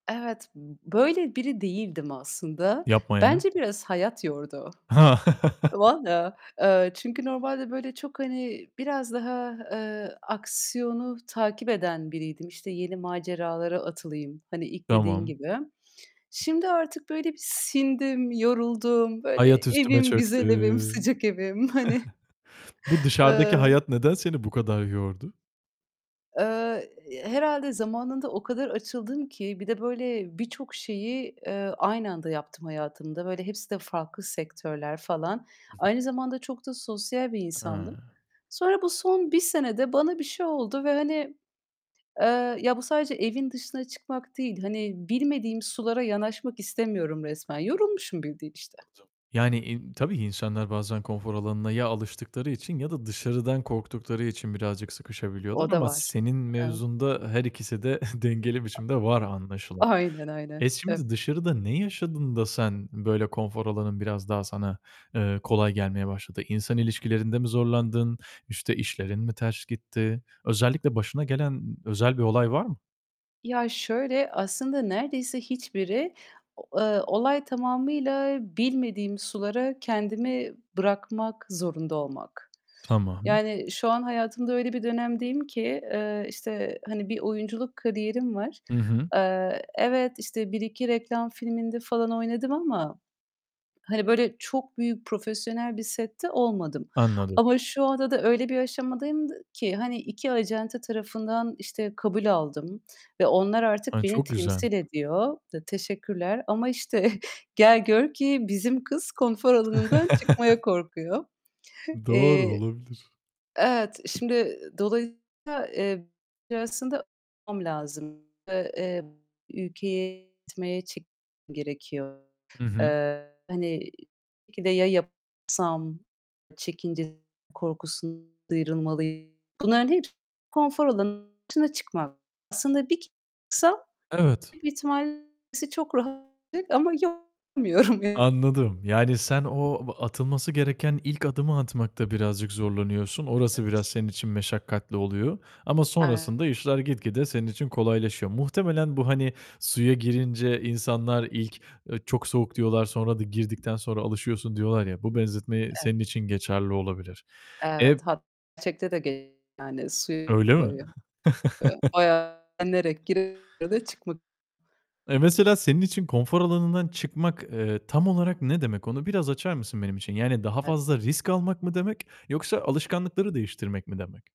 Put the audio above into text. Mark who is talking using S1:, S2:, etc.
S1: Evet, b böyle biri değildim aslında.
S2: Yapma ya.
S1: Bence biraz hayat yordu.
S2: Ha.
S1: Valla, eee, çünkü normalde böyle çok, hani, biraz daha, eee, aksiyonu takip eden biriydim. İşte, yeni maceralara atılayım. Hani, ilk dediğin
S2: Tamam.
S1: gibi. Şimdi artık böyle bir sindim, yoruldum. Böyle
S2: Hayat üstüme
S1: evim,
S2: çöktü.
S1: güzel evim, sıcak evim. Hani,
S2: Bu dışarıdaki
S1: eee
S2: hayat neden seni bu kadar yordu?
S1: Eee, herhâlde zamanında o kadar açıldım ki bir de böyle birçok şeyi, eee, aynı anda yaptım hayatımda. Böyle, hepsi de farklı sektörler falan.
S2: [unintelligible]
S1: Aynı zamanda çok da sosyal bir insandım.
S2: He.
S1: Sonra bu son 1 senede bana bir şey oldu ve hani, eee, ya bu sadece evin dışına çıkmak değil, hani, bilmediğim sulara yanaşmak istemiyorum resmen. Yorulmuşum bildiğin işte.
S2: [unintelligible] Yani, eee, tabii insanlar bazen konfor alanına ya alıştıkları için ya da dışarıdan korktukları için birazcık sıkışabiliyorlar.
S1: O da
S2: Ama
S1: var,
S2: senin
S1: evet.
S2: mevzunda her ikisi de dengeli biçimde var anlaşılan.
S1: Aynen, aynen,
S2: Eee,
S1: ev
S2: şimdi, dışarıda ne yaşadın da sen böyle konfor alanın biraz daha sana, eee, kolay gelmeye başladı? İnsan ilişkilerinde mi zorlandın, işte, işlerin mi ters gitti? Özellikle başına gelen n özel bir olay var mı?
S1: Ya, şöyle, aslında neredeyse hiçbiri o eee, olay tamamıyla bilmediğim sulara kendimi bırakmak zorunda olmak.
S2: Tamam.
S1: Yani şu an hayatımda öyle bir dönemdeyim ki, eee, işte, hani, bir oyunculuk kariyerim var.
S2: Hı hı.
S1: Eee, evet, işte, 1-2 reklam filminde falan oynadım ama, hani, böyle, çok büyük profesyonel bir sette olmadım
S2: Anladım.
S1: ama şu anda da öyle bir aşamadayım d ki, hani, 2 acente tarafından, işte, kabul aldım ve onlar artık
S2: He,
S1: beni
S2: çok güzel!
S1: temsil ediyor. D teşekkürler ama işte gel gör ki bizim kız konfor alanından çıkmaya korkuyor.
S2: Doğru,
S1: Eee
S2: olabilir.
S1: Evet, şimdi, ııı, dolayısıyla, eee, [unintelligible] aslında [unintelligible] lazım. Eee, ülkeye gitmeye çek [unintelligible] gerekiyor.
S2: Hı hı.
S1: Eee, hani, belki de, "Ya, yapamazsam" çekince korkusun sıyrılmalıyım. Bunların hep konfor alanın dışına çıkmak. Aslında bir çıksam
S2: Evet.
S1: büyük ihtimal işte çok rahat ama yok yapamıyorum.
S2: Anladım. Yani sen o b atılması gereken ilk adımı atmakta birazcık zorlanıyorsun. Orası biraz senin için meşakkatli oluyor ama sonrasında
S1: [unintelligible]
S2: işler gitgide senin için kolaylaşıyor. Muhtemelen bu, hani, suya girince insanlar ilk, "Eee, çok soğuk." diyorlar, sonra da, "Girdikten sonra alışıyorsun." diyorlar ya, bu benzetme
S1: Evet.
S2: senin için geçerli olabilir.
S1: Evet.
S2: Eee
S1: Hat [unintelligible] gerçekte de [unintelligible] yani su [unintelligible] eee,
S2: Öyle mi?
S1: bayağı [unintelligible] inerek [unintelligible] çıkmak.
S2: Eee, mesela senin için konfor alanından çıkmak, eee, tam olarak ne demek? Onu biraz açar mısın benim için? Yani daha
S1: [unintelligible]
S2: fazla risk almak mı demek, yoksa alışkanlıkları değiştirmek mi demek?